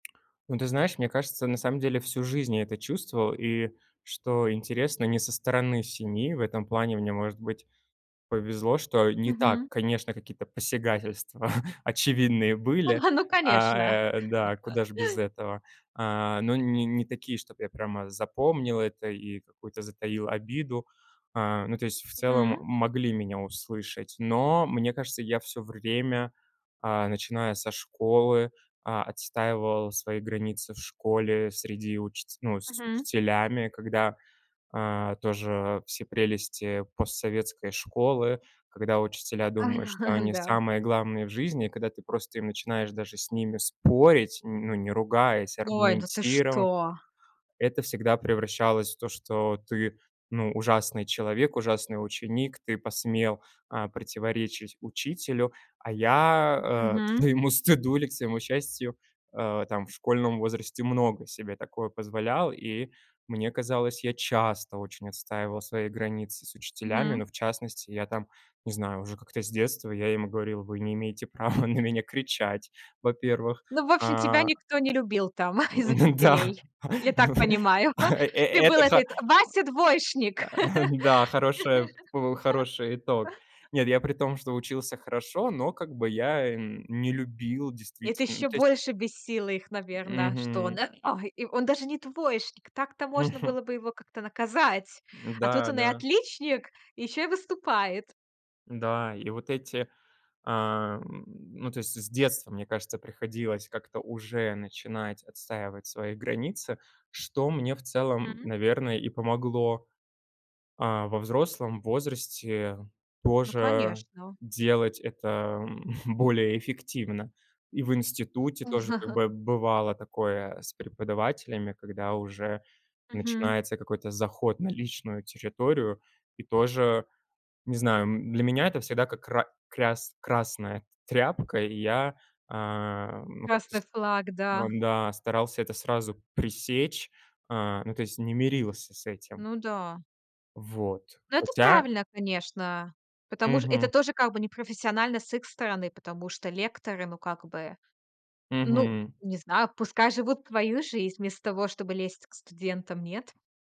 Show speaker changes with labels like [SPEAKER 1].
[SPEAKER 1] Ну, ты знаешь, мне кажется, на самом деле всю жизнь я это чувствовал, и, что интересно, не со стороны семьи- в этом плане мне, может быть, повезло, что, э, не так,
[SPEAKER 2] Мгм.
[SPEAKER 1] конечно, какие-то посягательства очевидные были.
[SPEAKER 2] А, ну
[SPEAKER 1] А,
[SPEAKER 2] конечно!
[SPEAKER 1] э, да куда ж без этого, а, но не не такие, чтобы я прямо запомнил это и какую-то затаил обиду. А, ну то есть, в целом,
[SPEAKER 2] Мгм.
[SPEAKER 1] могли меня услышать. Но, мне кажется, я всё время, а, начиная со школы, а, отстаивал свои границы в школе. Среди учети ну, с
[SPEAKER 2] Мгм.
[SPEAKER 1] учителями, когда, а, тоже все прелести постсоветской школы, когда учителя думают, что они
[SPEAKER 2] Да.
[SPEAKER 1] самые главные в жизни. Когда ты просто им начинаешь даже с ними спорить, м, ну, не ругаясь,
[SPEAKER 2] Ой, ну, ты
[SPEAKER 1] аргументировав,
[SPEAKER 2] что?
[SPEAKER 1] это всегда превращалось в то, что ты, ну, ужасный человек, ужасный ученик, ты посмел, а, противоречить учителю. А я, э, к
[SPEAKER 2] Мгм.
[SPEAKER 1] своему стыду или к своему счастью, а, там в школьном возрасте много себе такого позволял. И мне казалось, я часто очень отстаивал свои границы с учителями,
[SPEAKER 2] Мгм.
[SPEAKER 1] но в частности я там, не знаю, уже как-то с детства я им говорил: "Вы не имеете права на меня кричать, во-первых",
[SPEAKER 2] Ну, в общем,
[SPEAKER 1] а
[SPEAKER 2] тебя никто не любил там из
[SPEAKER 1] Ну да,
[SPEAKER 2] учителей, я так понимаю.
[SPEAKER 1] э э
[SPEAKER 2] Ты был
[SPEAKER 1] это
[SPEAKER 2] этой Вася двоечник.
[SPEAKER 1] а, эм, да, хорошая п хороший итог. Нет, я при том, что учился хорошо, но как бы я, эм, не любил
[SPEAKER 2] Это
[SPEAKER 1] действительно, ну,
[SPEAKER 2] ещё
[SPEAKER 1] то есть
[SPEAKER 2] больше бесило их, наверно, что он,
[SPEAKER 1] Мгм.
[SPEAKER 2] э, ой, и он даже не двоечник. Так-то можно было бы его как-то наказать. А тут
[SPEAKER 1] М-да,
[SPEAKER 2] он и
[SPEAKER 1] да.
[SPEAKER 2] отличник, ещё и выступает.
[SPEAKER 1] Да. И вот эти, а, м, ну, то есть, с детства, мне кажется, приходилось как-то уже начинать отстаивать свои границы, что мне в целом,
[SPEAKER 2] М.
[SPEAKER 1] наверное, и помогло. А, во взрослом возрасте
[SPEAKER 2] Ну,
[SPEAKER 1] тоже
[SPEAKER 2] конечно.
[SPEAKER 1] делать это, м, более эффективно. И в институте тоже как бы бывало такое с преподавателями, когда уже
[SPEAKER 2] Мгм.
[SPEAKER 1] начинается какой-то заход на личную территорию. И тоже, не знаю, м, для меня это всегда как ра кряс красная тряпка, и я, ам, ну, как-то
[SPEAKER 2] Красный
[SPEAKER 1] с
[SPEAKER 2] флаг, да.
[SPEAKER 1] ам, да, старался это сразу пресечь, а, ну, то есть не мирился с этим.
[SPEAKER 2] Ну да.
[SPEAKER 1] Вот,
[SPEAKER 2] Ну, это
[SPEAKER 1] хотя
[SPEAKER 2] правильно, конечно. Потому ш это
[SPEAKER 1] Мгм.
[SPEAKER 2] тоже как бы непрофессионально с их стороны, потому что лекторы, ну, как бы, ну,
[SPEAKER 1] Мгм.
[SPEAKER 2] не знаю, пускай живут свою жизнь вместо того, чтобы лезть к студентам, нет?